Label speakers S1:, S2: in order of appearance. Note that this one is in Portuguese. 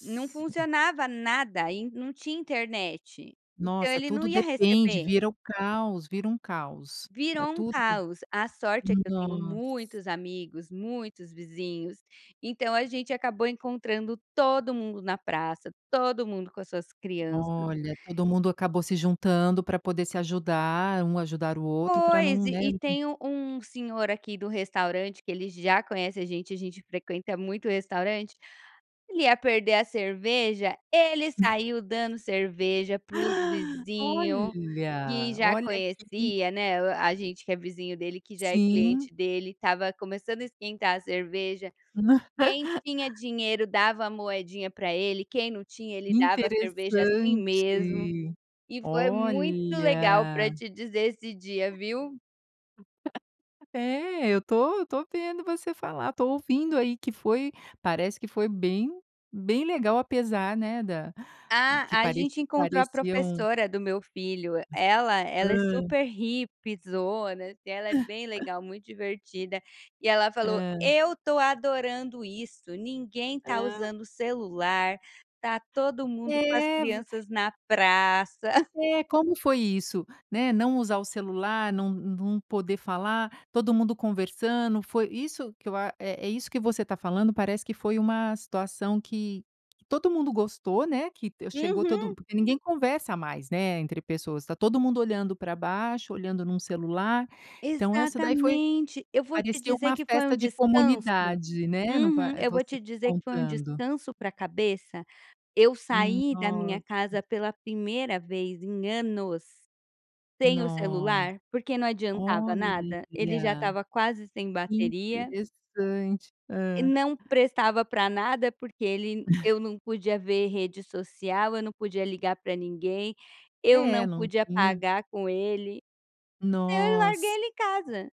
S1: Não funcionava nada, e não tinha internet, então
S2: Nossa
S1: ele não
S2: tudo
S1: ia
S2: depende,
S1: receber.
S2: vira o caos, vira um caos, a
S1: Virou um
S2: tudo,
S1: caos, a sorte é que eu tenho
S2: nossa.
S1: muitos amigos, muitos vizinhos, então a gente acabou encontrando todo mundo na praça, todo mundo com as suas crianças.
S2: Olha, todo mundo acabou se juntando pra poder se ajudar, um ajudar o outro pra
S1: Pois,
S2: não,
S1: e
S2: né,
S1: e
S2: não
S1: tem um um senhor aqui do restaurante, que ele já conhece a gente, a gente frequenta muito restaurante, ele ia perder a cerveja, ele saiu dando cerveja para os vizinho, que
S2: Olha,
S1: já
S2: olha que
S1: conhecia, né, o, a gente que é vizinho dele, que já é
S2: Sim.
S1: cliente dele, estava começando a esquentar a cerveja, quem tinha dinheiro dava a moedinha pra ele, quem não tinha ele dava a cerveja assim
S2: Interessante,
S1: mesmo, e foi muito legal pra
S2: olha.
S1: te dizer esse dia viu.
S2: É eu estou eu estou vendo você falar, estou ouvindo aí que foi, parece que foi bem bem legal apesar, né, da
S1: Ah,
S2: que
S1: a
S2: pareci
S1: gente encontrou a
S2: pareciam.
S1: professora do meu filho,
S2: Mas
S1: ela ela é
S2: hã.
S1: super hippiezona assim, ela é bem legal, muito divertida, e ela falou:
S2: Hã.
S1: "Eu estou adorando isso, ninguém está
S2: Hã.
S1: usando celular, está todo mundo com as
S2: É ver
S1: crianças na praça".
S2: É, como foi isso, né, não usar o celular, não não poder falar, todo mundo conversando, foi isso que eu a, é é isso que você tá falando parece que foi uma situação que que todo mundo gostou, né, que chegou
S1: Uhum.
S2: todo porque ninguém conversa mais, né, entre pessoas, está todo mundo olhando para baixo, olhando num celular, então essa daí foi
S1: Exatamente, eu vou te
S2: parecia
S1: dizer
S2: uma
S1: que foi um
S2: festa de
S1: descanso.
S2: comunidade, né, no po
S1: Uhum. Eu vou
S2: você
S1: te
S2: me
S1: dizer que foi um
S2: contando.
S1: descanso pra cabeça, eu
S2: Hum,
S1: saí da minha
S2: nossa.
S1: casa pela 1º vez em anos sem o
S2: Nossa,
S1: celular, porque não adiantava
S2: olha,
S1: nada,
S2: que
S1: ele já estava quase sem bateria
S2: interessante.
S1: e
S2: Hã.
S1: não prestava pra nada, porque ele eu não podia ver rede social, eu não podia ligar pra ninguém, eu
S2: É,
S1: não
S2: não
S1: podia
S2: tinha
S1: pagar com ele, eu larguei
S2: Nossa.
S1: ele em casa.